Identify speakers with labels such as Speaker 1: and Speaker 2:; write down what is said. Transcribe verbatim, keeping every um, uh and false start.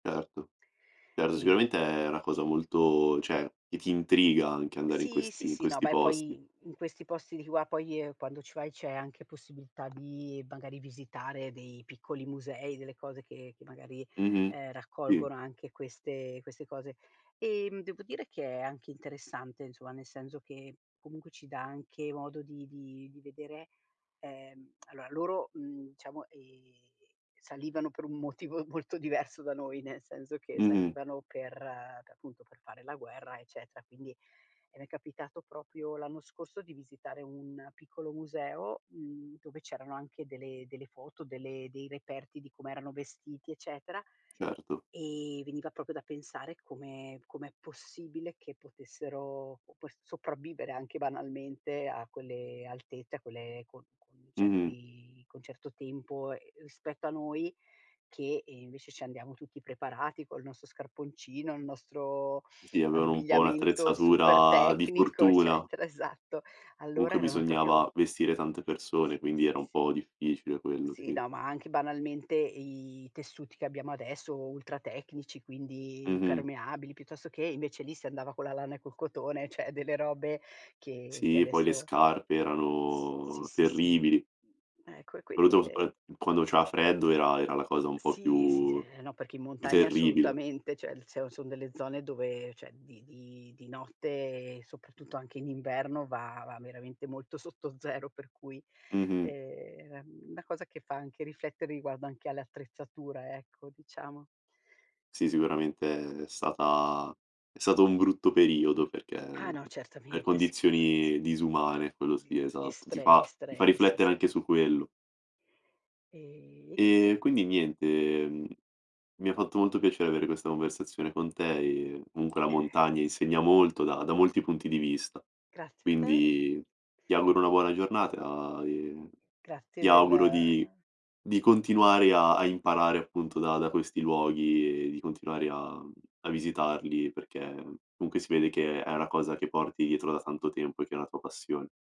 Speaker 1: Certo, certo
Speaker 2: E
Speaker 1: sicuramente è una cosa molto ceh che ti intriga anche andare in
Speaker 2: Sì, sì,
Speaker 1: questi in
Speaker 2: sì, no,
Speaker 1: questi
Speaker 2: beh
Speaker 1: posti.
Speaker 2: poi in questi posti di qua, poi quando ci vai c'è anche possibilità di magari visitare dei piccoli musei, delle cose che che magari,
Speaker 1: Mh-mh.
Speaker 2: ehm,
Speaker 1: Sì.
Speaker 2: raccolgono anche queste queste cose. Ehm, devo dire che è anche interessante insomma, nel senso che comunque ci dà anche modo di di di vedere, ehm, aloa loro, mhmm, diciamo, ehm, salivano per un motivo molto diverso da noi, nel senso che
Speaker 1: Mh-mh.
Speaker 2: salivano per per appunto per fare la guerra, eccetera, quindi e m'è capitato propio l'anno scorso di visitare un piccolo museo, mhmm, dove c'erano anche delle delle foto, delle dei reperti di come erano vestiti eccetera
Speaker 1: Certo.
Speaker 2: e veniva propio da pensare come come è possibile, che potessero op s sopravvivere anche banalmente a quelle alte cioè quelle con con
Speaker 1: Mh-mh.
Speaker 2: certi con un certo tempo, ehm, spetto a noi, che, ehm, invece ci andiamo tutti preparati col nostro scarponcino, il nostro
Speaker 1: Sì, avevano un po'
Speaker 2: abbigliamento super
Speaker 1: un'attrezzatura di
Speaker 2: tecnico
Speaker 1: fortuna.
Speaker 2: eccetera, esatto. Allora
Speaker 1: Comunque,
Speaker 2: erano propio
Speaker 1: bisognava vestire tante persone,
Speaker 2: Sì,
Speaker 1: quindi era
Speaker 2: sì,
Speaker 1: un
Speaker 2: sì.
Speaker 1: po' difficile quello.
Speaker 2: Sì,
Speaker 1: Sì.
Speaker 2: no, ma anche banalmente i tessuti che abbiamo adesso, ultra tecnici, quindi
Speaker 1: Mh-mh.
Speaker 2: impermeabili, piuttosto che invece lì, si andava con la lana e col cotone, ceh delle robe che che
Speaker 1: Sì, e poi le
Speaker 2: adesso
Speaker 1: scarpe
Speaker 2: S si,
Speaker 1: erano
Speaker 2: si, si
Speaker 1: terribili.
Speaker 2: ecco e quindi
Speaker 1: Soprattutto
Speaker 2: e
Speaker 1: [unintelligible] quando c'era freddo era era la cosa un po'
Speaker 2: Sì, sì,
Speaker 1: più
Speaker 2: eh no, perché in
Speaker 1: più
Speaker 2: montagna
Speaker 1: terribile.
Speaker 2: assolutamente, ceh se sono delle zone, dove ceh di di di notte, soprattutto anche in inverno, va va veramente molto sotto zero, per cui
Speaker 1: Mh-mh.
Speaker 2: ehm, era una cosa che fa anche riflettere riguardo anche all'attrezzatura, ecco diciamo.
Speaker 1: Sì, sicuramente è stata è stato un brutto periodo perché
Speaker 2: Ah no,
Speaker 1: per
Speaker 2: certamente sicura
Speaker 1: condizioni
Speaker 2: sì.
Speaker 1: disumane quello
Speaker 2: Quindi
Speaker 1: sì esatto, ti
Speaker 2: estre
Speaker 1: fa ti fa
Speaker 2: estreme, sì,
Speaker 1: riflettere
Speaker 2: sì.
Speaker 1: anche su quello.
Speaker 2: E e niente.
Speaker 1: E quindi niente, ehm. Mi ha fatto molto piacere avere questa conversazione con te, e munque la
Speaker 2: [unintelligible]
Speaker 1: montagna insegna molto, da da molti punti di vista.
Speaker 2: Grazie a te.
Speaker 1: Quindi ti auguro una buona giornata, e
Speaker 2: Grazie
Speaker 1: ti
Speaker 2: del
Speaker 1: auguro di di continuare a a imparare appunto da da questi luoghi e di continuare a a visitarli, perché comunque si vede che è una cosa che porti dietro da tanto tempo, e che è una tua passione.